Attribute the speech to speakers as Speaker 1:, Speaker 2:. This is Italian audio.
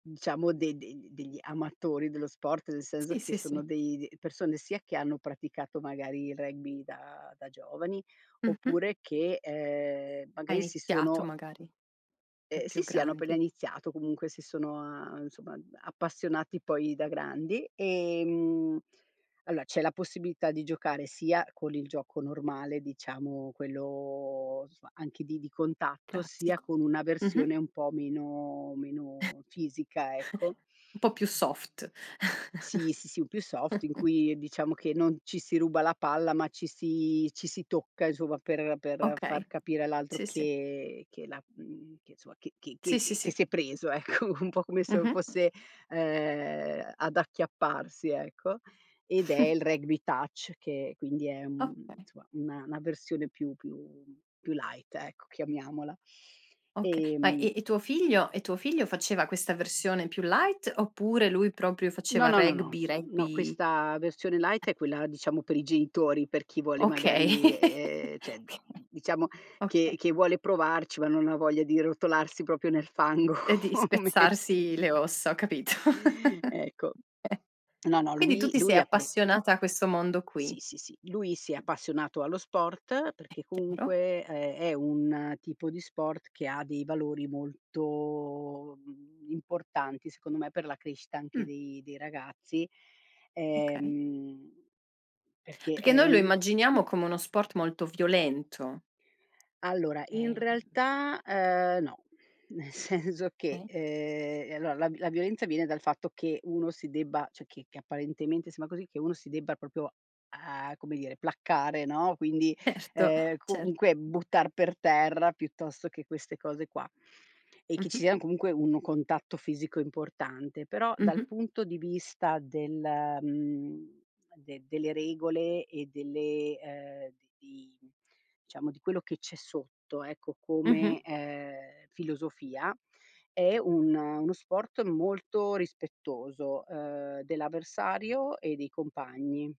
Speaker 1: Diciamo de de de degli amatori dello sport, nel senso
Speaker 2: Sì,
Speaker 1: che
Speaker 2: sì, sì.
Speaker 1: sono dei de persone sia che hanno praticato magari il rugby da da giovani
Speaker 2: Mh-mh.
Speaker 1: oppure che, ehm,
Speaker 2: Ha
Speaker 1: magari si
Speaker 2: iniziato
Speaker 1: sono
Speaker 2: magari, da
Speaker 1: Ehm, sì,
Speaker 2: più
Speaker 1: sì hanno appena
Speaker 2: grandi.
Speaker 1: iniziato, comunque si sono a insomma a appassionati poi da grandi. Ehm, allora c'è la possibilità di giocare sia con il gioco normale, diciamo quello, somma, anche di di contatto, sia
Speaker 2: Classico,
Speaker 1: con una
Speaker 2: mh-mh?
Speaker 1: versione un po' meno meno fisica, ecco.
Speaker 2: Un po' più soft.
Speaker 1: Sì, sì, sì, in più soft in cui diciamo che non ci si ruba la palla, ma ci si ci si tocca insomma per per
Speaker 2: Okay,
Speaker 1: far capire all'altro
Speaker 2: sì, sì.
Speaker 1: che che la mhmm, che insomma che che
Speaker 2: Sì, sì,
Speaker 1: che che
Speaker 2: sì.
Speaker 1: si è preso ecco, un po' come se
Speaker 2: Mh-mh.
Speaker 1: fosse, ehm, ad acchiapparsi ecco. Ed è il Rugby Touch, che quindi è, mhmm,
Speaker 2: Okay.
Speaker 1: somma, una una versione più più più light, ecco, chiamiamola.
Speaker 2: Okay, ma e
Speaker 1: Ehm
Speaker 2: e tuo figlio e tuo figlio faceva questa versione più light, oppure lui proprio
Speaker 1: No,
Speaker 2: faceva
Speaker 1: no, no, no,
Speaker 2: rugby
Speaker 1: no
Speaker 2: rugby
Speaker 1: questa versione
Speaker 2: [unintelligible]
Speaker 1: light è quella diciamo per i genitori, per chi vuole
Speaker 2: Okay,
Speaker 1: magari ehm, cioè diciamo che
Speaker 2: okay.
Speaker 1: che vuole provarci, ma non ha voglia di rotolarsi proprio nel fango,
Speaker 2: E di
Speaker 1: come
Speaker 2: spezzarsi le ossa, ho capito.
Speaker 1: Ecco. No, no,
Speaker 2: Ehm, quindi tu
Speaker 1: lui
Speaker 2: ti sei
Speaker 1: lui ha pre
Speaker 2: appassionata a questo mondo qui?
Speaker 1: Sì, sì, sì lui si è appassionato allo sport,
Speaker 2: È
Speaker 1: perché
Speaker 2: chiaro.
Speaker 1: comunque è è un tipo di sport che ha dei valori molto, mhmm, importanti, secondo me, per la crescita anche
Speaker 2: Mh.
Speaker 1: dei dei ragazzi.
Speaker 2: Okay.
Speaker 1: Ehm, perché
Speaker 2: Perché
Speaker 1: è
Speaker 2: noi lo
Speaker 1: un
Speaker 2: immaginiamo come uno sport molto violento.
Speaker 1: Allora in
Speaker 2: Ehm
Speaker 1: realtà, uhm, no, nel senso che,
Speaker 2: Okay
Speaker 1: ehm, ehm, allora la v la violenza viene dal fatto che uno si debba cioè che che apparentemente sembra così, che uno si debba proprio, uhm, come dire, placcare, no, quindi,
Speaker 2: Erto,
Speaker 1: ehm,
Speaker 2: cer
Speaker 1: comunque buttar per terra, piuttosto che queste cose qua. E che ci
Speaker 2: Mh-mh.
Speaker 1: sia comunque un contatto fisico importante, però dal
Speaker 2: Mh-mh.
Speaker 1: punto di vista del mhmm, de delle regole e delle ehm, di diciamo di quello che c'è sotto, ecco, come,
Speaker 2: Mh-mh.
Speaker 1: ehm, filosofia è un uno sport molto rispettoso, uhm, dell'avversario e dei compagni.